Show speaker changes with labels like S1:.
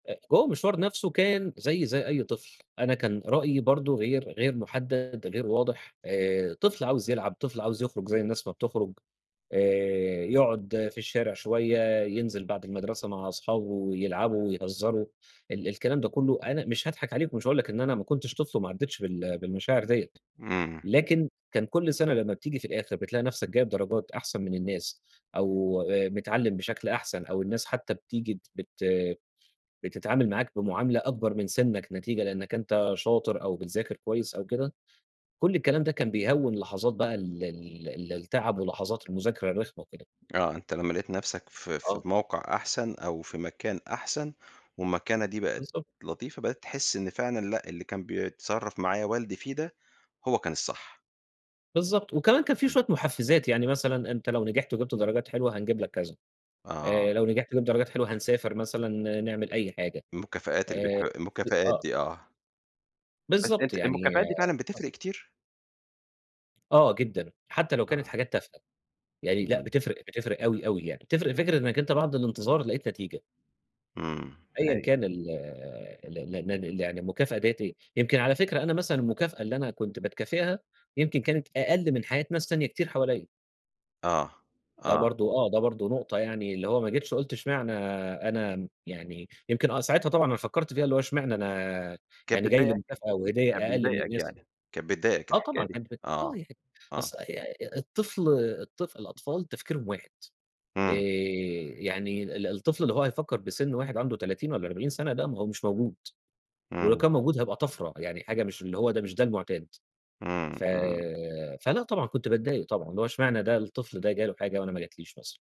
S1: آآ هو المشوار نفسه كان زيّي زي أي طفل. أنا كان رأيي برضه غير غير مُحدَّد، غير واضح، آآ طفل عاوز يلعب، طفل عاوز يخرج زي الناس ما بتخرُج، آآ يقعُد في الشارع شوية، ينزل بعد المدرسة مع أصحابه ويلعبوا ويهزّروا ال الكلام ده كُلّه، أنا مش هاضحك عليك ومش هاقول لك إن أنا ما كنتش طفل وما عدِّتش بال بالمشاعر ديّة،
S2: إمم.
S1: لكن كان كل سَنة لمّا بتييجي في الآخر بتلاقي نفسك جايب درجات أحسن من الناس أو أ متعلّم بشكل أحسن أو الناس حتّى بتييجي بت بتتعامل معاك بمعاملة أكبر من سِنّك نتيجة لإنّك أنت شاطر أو بتذاكر كويس أو كده، كل الكلام ده كان بيهوِّن لحظات بقى ال ال ال التَعَب ولحظات المذاكرة الرخمة وكده.
S2: آه. أنت لمّا لقيت نفسك في في
S1: آه.
S2: موقع أحسن أو في مكان أحسن والمكانة دي بقت
S1: بالضبط.
S2: لطيفة، بقيت تحِس إن فعلًا لأ، اللي كان بيتصرّف معايا والدي فيه ده، هو كان الصح.
S1: بالضبط. وكمان كان في
S2: إمم.
S1: شوية مُحفِّزات. يعني مثلًا أنت لو نجحت وجِبت درجات حلوة، هنجيب لك كذا،
S2: آه.
S1: آآ لو نجحت وجِبت درجات حلوة، هنسافر مثلًا نعمل أي حاجة
S2: المكافآت اللي بيح
S1: آآ ف
S2: المكافآت
S1: آه.
S2: دي آه. بس
S1: بالضبط.
S2: أنت
S1: يعني
S2: المكافآت دي فعلًا
S1: آه.
S2: بتفرق كتير؟
S1: آه جدًا، حتّى لو كانت
S2: آه.
S1: حاجات تافهة. يعني لأ
S2: إمم.
S1: بتفرق، بتفرق أوي، أوي يعني. بتفرق فكرة إنّك أنت بعد الانتظار لقيت نتيجة.
S2: إمم،
S1: أيًا
S2: حقيقي.
S1: كان ال ال ال ال ال يعني المكافأة ديّة إيه، يمكن على فكرة أنا مثلًا المكافأة اللي أنا كنت باتكافئها، يمكن كانت أقَل من حياة ناس تانية كتير حواليّا.
S2: آه.
S1: ده
S2: آه.
S1: برضه آه. ده برضه نقطة يعني اللي هو ما جِتش قُلت إشمعنى أنا م يعني يمكن آه ساعتها طبعًا أنا فكّرت فيها، اللي هو إشمعنى أنا
S2: كانت
S1: يعني جاي لي
S2: بتضايقك؟
S1: مكافأة وهدية
S2: كان
S1: أقَل من
S2: بيضايقك
S1: الناس.
S2: يعني. كانت بتضايقك
S1: آه
S2: الحكاية
S1: طبعًا.
S2: دي؟ آه.
S1: [unintelligible]
S2: آه.
S1: أص ي الطفل الطفل الأطفال تفكيرهم واحد. آآ
S2: إمم.
S1: يعني ال الطفل اللي هو هيفكّر بسِن واحد عنده 30 والّا 40 سَنة، لأ ما هو مش موجود. ولو
S2: إمم.
S1: كان موجود هيبقى طَفرة. يعني حاجة مش اللي هو ده مش ده المُعتاد.
S2: إمم،
S1: ف
S2: إمم.
S1: فلأ طبعًا كنت باتضايق طبعًا، اللي هو إشمعنى ده الطفل ده جاله حاجة وأنا ما جا تليش مثلًا؟